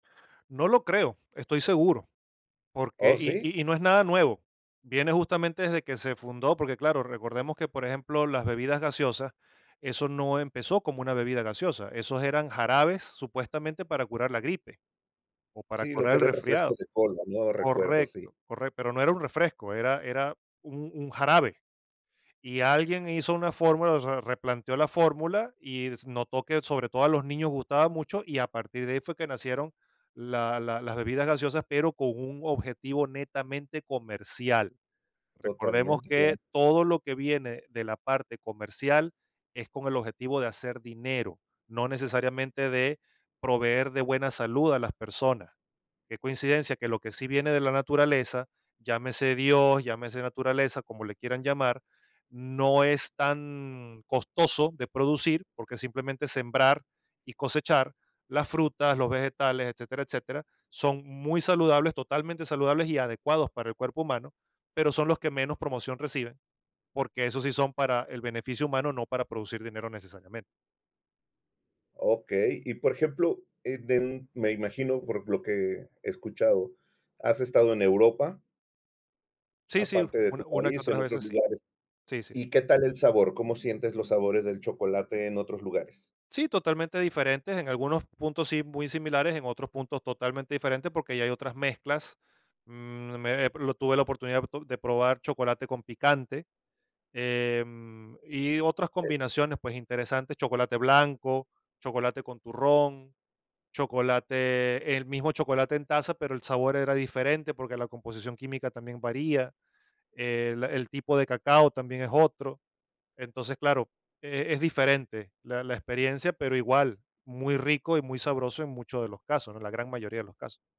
No lo creo, estoy seguro, porque, Oh, y ¿sí? y y no es nada nuevo, viene justamente desde que se fundó, porque, claro, recordemos que, por ejemplo, las bebidas gaseosa, eso no empezó como una bebida gaseosa, esos eran jarabes supuestamente para curar la gripe o para Sí, lo curar que el era el refresco resfriado. de cola, ¿no?, recuerdo, sí. Correcto, corre pero no era un refresco, era era, un un jarabe. Y alguien hizo una fórmula, o sea, replanteó la fórmula y es notó que sobre todo a los niños gustaba mucho, y a partir de ahí fue que nacieron la la las bebidas gaseosas, pero con un objetivo netamente comercial. Recordemos Totalmente, claro. que todo lo que viene de la parte comercial es con el objetivo de hacer dinero, no necesariamente de proveer de buena salud a las personas. ¿Qué coincidencia que lo que sí viene de la naturaleza, llámese Dios, llámese naturaleza, como le quieran llamar?, no es tan costoso de producir, porque simplemente sembrar y cosechar las frutas, los vegetales, etcétera, etcétera, son muy saludables, totalmente saludables y adecuados para el cuerpo humano, pero son los que menos promoción reciben, porque esos sí son para el beneficio humano, no para producir dinero necesariamente. Okey. Y, por ejemplo, eh, den me imagino, por lo que he escuchado, has estado en Europa Sí, sí, u aparte de tu una que país, otras en otros veces sí. lugares, Sí, sí, sí. ¿y qué tal el sabor? ¿Cómo sientes los sabores del chocolate en otros lugares? Sí, totalmente diferentes, en algunos puntos sí, muy similares, en otros puntos totalmente diferentes, porque ya hay otras mezclas, mm, me, eh, lo tuve la oportunidad de probar chocolate con picante, em, y otras Eh. combinaciones, pues, interesantes, chocolate blanco, chocolate con turrón, chocolate el mismo chocolate en taza, pero el sabor era diferente porque la composición química también varía. El el tipo de cacao también es otro. Entonces, claro, e es diferente la la experiencia, pero igual, muy rico y muy sabroso en muchos de los casos, ¿no?, en la gran mayoría de los casos.